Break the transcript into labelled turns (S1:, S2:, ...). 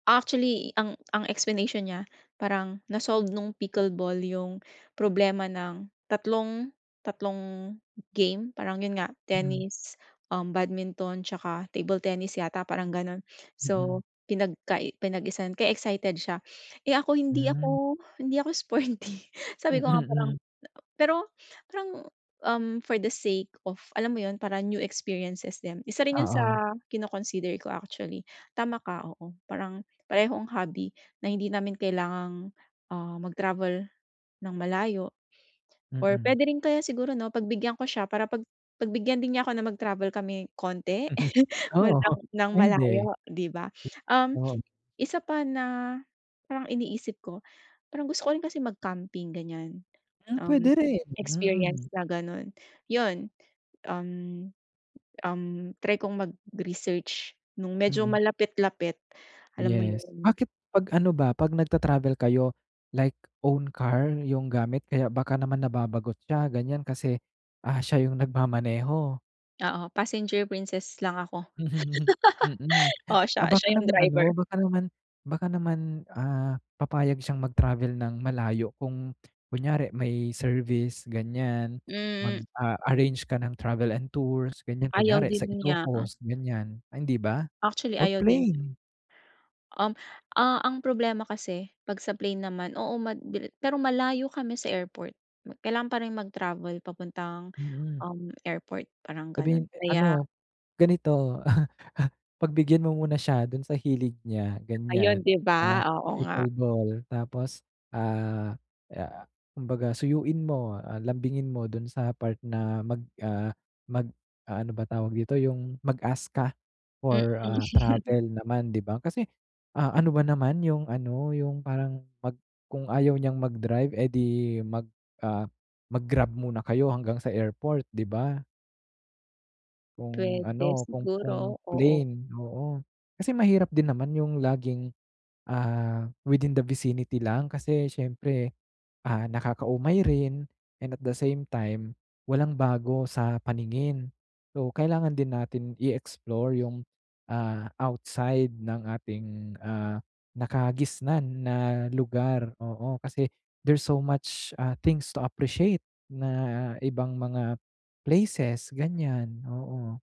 S1: Actually, ang ang explanation niya parang na-solved nung pickle ball yung problema ng tatlong tatlong game. Parang yun nga
S2: Mm.
S1: tennis, um, badminton 'tsaka table tennis yata, parang gano'n.
S2: Mm.
S1: So, pinagka pinag-isa kaya excited siya. Eh, ako hindi
S2: Hmm.
S1: ako hindi ako sporty.
S2: Mm,
S1: Sabi ko nga parang
S2: hmm.
S1: pero parang, um, for the sake of alam mo yun, parang new experiences din. Isa rin yun sa
S2: Oo.
S1: kino-consider ko, actually. Tama ka, oo. Parang parehong hobby na hindi namin kailangang, ah, mag-travel ng malayo or
S2: Mm.
S1: puwede rin kaya siguro 'no, pagbigyan ko siya para pag pagbigyan din niya 'ko na mag-travel kami konti ng
S2: Oo,
S1: ng
S2: puwede.
S1: malayo, 'di ba? Um,
S2: Oo.
S1: isa pa na parang iniisip ko, parang gusto ko rin kasi mag-camping, ganyan.
S2: Ah,
S1: Um,
S2: pwede rin,
S1: experience
S2: mm.
S1: na ganun. Yun, um, um, try kong mag-research nung medyo
S2: Mm.
S1: malapit-lapit, alam mo
S2: Yes.
S1: yun.
S2: Bakit 'pag ano ba, 'pag nagta travel kayo like own car yung gamit kaya baka naman nababagot siya, ganyan kasi, ah, siya yung nagmamaneho?
S1: Oo, passenger princess lang ako.
S2: Mm.
S1: Oo,
S2: Ah,
S1: siya
S2: baka
S1: siya yung
S2: naman ano,
S1: driver.
S2: baka naman baka naman, ah, papayag siyang mag travel ng malayo kung kunyari may service, ganyan. Mag,
S1: M
S2: ah, arrange ka ng travel and tours, ganyan.
S1: Ayaw
S2: Kunyari sa
S1: din niya.
S2: Ilocos, ganyan, hindi ba?
S1: Actually,
S2: Or
S1: ayaw din nya.
S2: plane.
S1: Um, ah, ang problema kasi 'pag sa plane naman, oo, mad pero malayo kami sa airport. Kailangan pa rin mag-travel papuntang,
S2: Mm.
S1: um, airport parang gano'n
S2: Puwedeng
S1: kaya
S2: ano, ganito, pagbigyan mo muna siya dun sa hilig niya,
S1: Ayun,
S2: ganyan,
S1: 'di ba?
S2: sa
S1: Oo nga.
S2: pickle ball. Tapos ah, ah, kumbaga suyuin mo, ah, lambingin mo dun sa part na mag, ah, mag, ah, ano ba tawag dito, yung mag-ask ka
S1: Mm.
S2: for, ah, travel naman, 'di ba? Kasi, ah, ano ba naman yung ano, yung parang 'pag kung ayaw niyang mag-drive, eh, 'di mag, ah, mag-grab muna kayo hanggang sa airport, 'di ba? Kung
S1: Puwede,
S2: ano, kung kung
S1: siguro. Oo.
S2: plane, oo. Kasi mahirap din naman yung laging, ah, within the vicinity lang kasi syempre, ah, nakakaumay rin and at the same time walang bago sa paningin. So, kailangan din natin i-explore yung, ah, outside ng ating, ah, nakagisnan na lugar, oo. Kasi there's so much, ah, things to appreciate na ibang mga places ganyan, oo.